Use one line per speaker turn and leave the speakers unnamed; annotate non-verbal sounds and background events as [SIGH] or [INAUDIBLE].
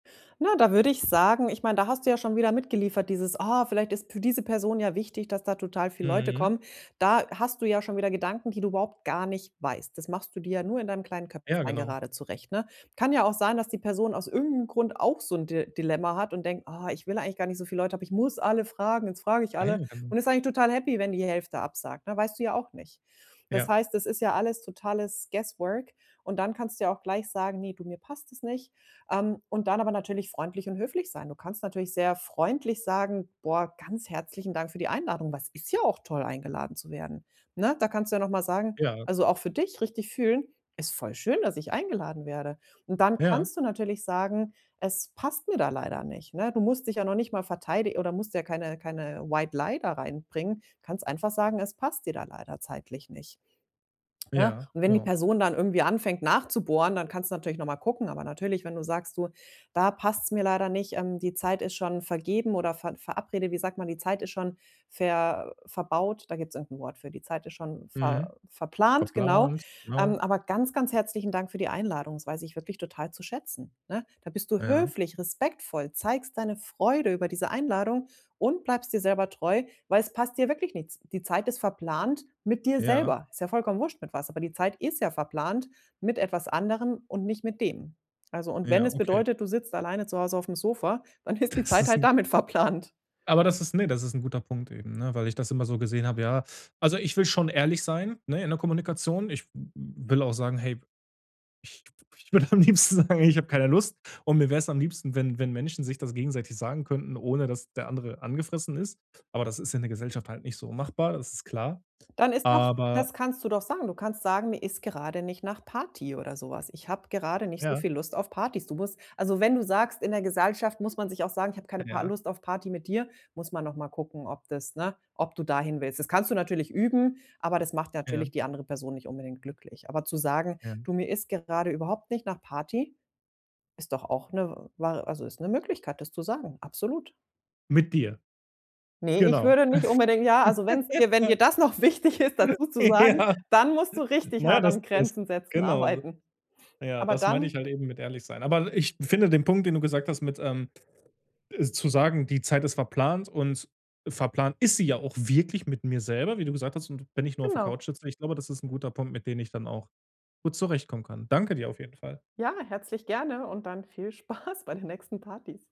Na, da würde ich sagen ich meine, da hast du ja schon wieder mitgeliefert, dieses: „Ah, vielleicht ist für diese Person ja wichtig, dass da total viel Leute
Mhm.
kommen.“ Da hast du ja schon wieder Gedanken, die du überhaupt gar nicht weißt. Das machst du dir ja nur in deinem kleinen
Ja,
Köpflein
genau.
gerade zurecht, ne? Kann ja auch sein, dass die Person aus irgend 'nem Grund auch so 'n Di Dilemma hat und denkt: „Ah, ich will eigentlich gar nicht so viel Leute, aber ich muss alle fragen, jetzt frage ich alle.“
[UNINTELLIGIBLE]
Und ist eigentlich total happy, wenn die Hälfte absagt, ne weißt du ja auch nicht. Das
Ja.
heißt, es ist ja alles totales guesswork und dann kannst du ja auch gleich sagen: „Ne du, mir passt es nicht.“ Ähm, und dann aber natürlich freundlich und höflich sein. Du kannst natürlich sehr freundlich sagen: „Boah, ganz herzlichen Dank für die Einladung“, weil es ist ja auch toll, eingeladen zu werden, ne? Da kannst du ja noch mal sagen
Ja.
also, auch für dich richtig fühlen: „Ist voll schön, dass ich eingeladen werde.“ Und dann
Ja.
kannst du natürlich sagen: „Es passt mir da leider nicht, ne?“ Du musst dich ja noch nicht mal verteidi oder musst ja keine keine White Lie da reinbringen. Kannst einfach sagen, es passt dir da leider zeitlich nicht. Ne?
Ja,
Und wenn die
genau.
Person dann irgendwie anfängt nachzubohren, dann kannst du natürlich noch mal gucken. Aber natürlich, wenn du sagst: „Du, da passt's mir leider nicht, ähm, die Zeit ist schon vergeben oder ver verabrede wie sagt man, die Zeit ist schon ver verbaut. Da gibt's irgend 'n Wort für. Die Zeit ist schon
Mhm.
ver verplant, genau.
Verplant,
Ähm,
genau.
aber ganz, ganz herzlichen Dank für die Einladung. Das weiß ich wirklich total zu schätzen, ne? Da bist du
Ja.
höflich, respektvoll, zeigst deine Freude über diese Einladung und bleibst dir selber treu, weil es passt dir wirklich nichts. Die Zeit ist verplant mit dir
Ja.
selber. Ist ja vollkommen wurst mit was, aber die Zeit ist ja verplant mit etwas anderem und nicht mit denen. Also, und wenn
Ja,
es
okay.
bedeutet, du sitzt alleine zu Hause aufm Sofa, dann ist die
Das
Zeit
ist
halt
'n.
damit verplant.
Aber das ist ne, das ist 'n guter Punkt eben, ne, weil ich das immer so gesehen habe, ja. Also, ich will schon ehrlich sein, ne, in der Kommunikation. Ich w will auch sagen: „Hey, ich ich würde am liebsten sagen, hey, ich habe keine Lust.“ Und mir wär's am liebsten, wenn wenn Menschen sich das gegenseitig sagen könnten, ohne dass der andere angefressen ist. Aber das ist in der Gesellschaft halt nicht so machbar, das ist klar.
Dann ist doch
Aber
das kannst du doch sagen. Du kannst sagen: „Mir ist gerade nicht nach Party oder so was. Ich habe gerade nicht so
Ja.
viel Lust auf Partys.“ Du musst also, wenn du sagst, in der Gesellschaft muss man sich auch sagen: „Ich habe keine Par
Ja.
Lust auf Party mit dir“, muss man noch mal gucken, ob das, ne ob du da hinwillst. Das kannst du natürlich üben, aber das macht
Ja.
natürlich die andere Person nicht unbedingt glücklich. Aber zu sagen:
Ja.
„Du, mir ist gerade überhaupt nicht nach Party“, ist doch auch 'ne war also, ist 'ne Möglichkeit, das zu sagen, absolut.
Mit dir.
Ne, ich
Genau.
würde nicht unbedingt ja, also, wenn's dir wenn dir
[CHUCKLES]
das noch wichtig ist, dazu zu sagen,
Ja.
dann musst du richtig
Na ja,
hart
das
am
das
Grenzen setzen
genau. [UNINTELLIGIBLE]
arbeiten.
Ja,
Aber
das meinte
dann
ich halt eben mit ehrlich sein. Aber ich finde den Punkt, den du gesagt hast mit ähm, äh, zu sagen, die Zeit ist verplant und verplant ist sie ja auch wirklich mit mir selber, wie du gesagt hast und wenn ich nur auf der Couch
Genau.
sitze, ich glaube, das ist 'n guter Punkt, mit dem ich dann auch gut zurechtkommen kann. Danke dir auf jeden Fall.
Ja, herzlich gerne und dann viel Spaß bei den nächsten Partys.